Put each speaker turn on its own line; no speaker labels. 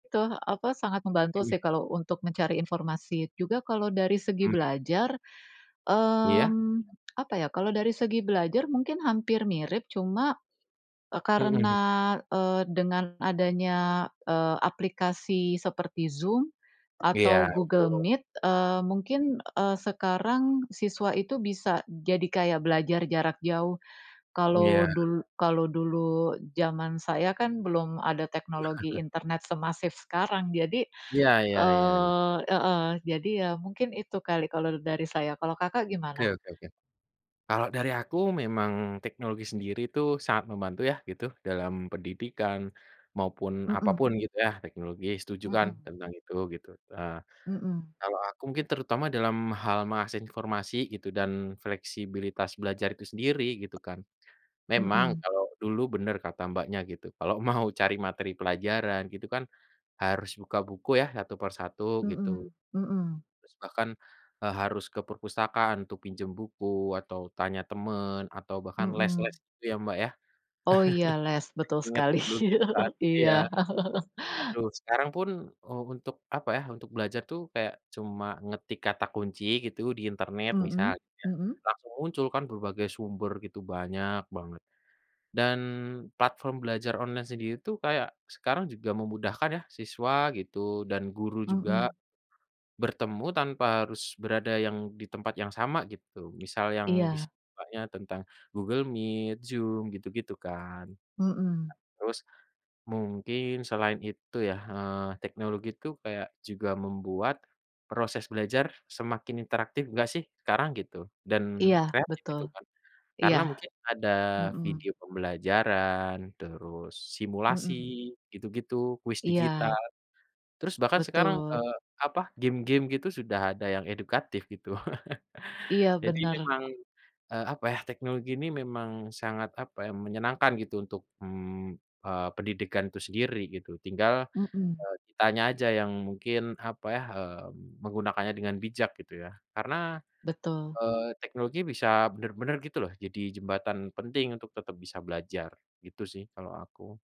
Tuh apa sangat membantu
Mhm.
sih kalau untuk mencari informasi. Juga kalau dari segi
Mmm.
belajar,
Iya?
mmm, apa ya kalau dari segi belajar mungkin hampir mirip, cuma, eee,
Mhm.
karena, eee, dengan adanya, eee, aplikasi seperti Zoom atau
Iya
Google
betul.
Meet, eee, mungkin, eee, sekarang siswa itu bisa jadi kayak belajar jarak jauh. Kalau
Iya.
dul kalau dulu jaman saya kan belum ada teknologi internet semasif sekarang jadi,
Iya iya iya iya.
eee, heeh, jadi ya mungkin itu kali kalau dari saya, kalau Kakak
Oke
gimana?
oke oke. Kalau dari aku memang teknologi sendiri tuh sangat membantu ya gitu dalam pendidikan, maupun apa pun
Mhm.
gitu ya teknologi setuju kan?
Mhm.
Tentang itu gitu, eee,
Mhm.
kalau aku mungkin terutama dalam hal mengakses informasi gitu dan fleksibilitas belajar itu sendiri gitu kan, memang
Mhm.
kalau dulu benar kata Mbaknya gitu kalau mau cari materi pelajaran gitu kan harus buka buku ya? Satu per satu, gitu.
Mhm mhm.
Terus bahkan, eee, harus ke perpustakaan untuk pinjam buku atau tanya teman atau bahkan les-les
Mhm.
gitu ya Mbak ya?
Oh iya les betul
Ingat
sekali.
dulu gitu tadi
Iya.
ya, aduh sekarang pun, eee, u untuk apa ya untuk belajar tuh kayak cuma ngetik kata kunci gitu di internet misal
Mhm
gitu ya
mhm.
langsung muncul kan berbagai sumber gitu banyak banget, dan platform belajar online sendiri tuh kayak sekarang juga memudahkan ya? Siswa gitu dan guru juga,
Mhm.
bertemu tanpa harus berada yang di tempat yang sama gitu misal yang bis
Iya.
sukanya tentang Google Meet, Zoom gitu-gitu kan. Nah,
Mhm.
terus mungkin selain itu ya, eee, teknologi tuh kayak juga membuat proses belajar semakin interaktif enggak sih? Sekarang gitu dan
Iya,
kreatif
betul.
itu kan
Iya.
karena mungkin ada
Mhm.
video pembelajaran terus simulasi
Mhm.
gitu-gitu, kuis digital,
Iya.
terus bahkan sekarang,
Betul.
eee, apa game-game gitu sudah ada yang edukatif gitu.
Iya,
Jadi
benar.
memang, eee, apa ya teknologi ini memang sangat apa ya menyenangkan gitu untuk, mmm, eee, pendidikan itu sendiri gitu tinggal,
Mhm.
eee, kitanya aja yang mungkin apa ya, mmm, menggunakannya dengan bijak gitu ya? Karena,
Betul.
eee, teknologi bisa benar-benar gitu loh jadi jembatan penting untuk tetap bisa belajar, gitu sih kalau aku.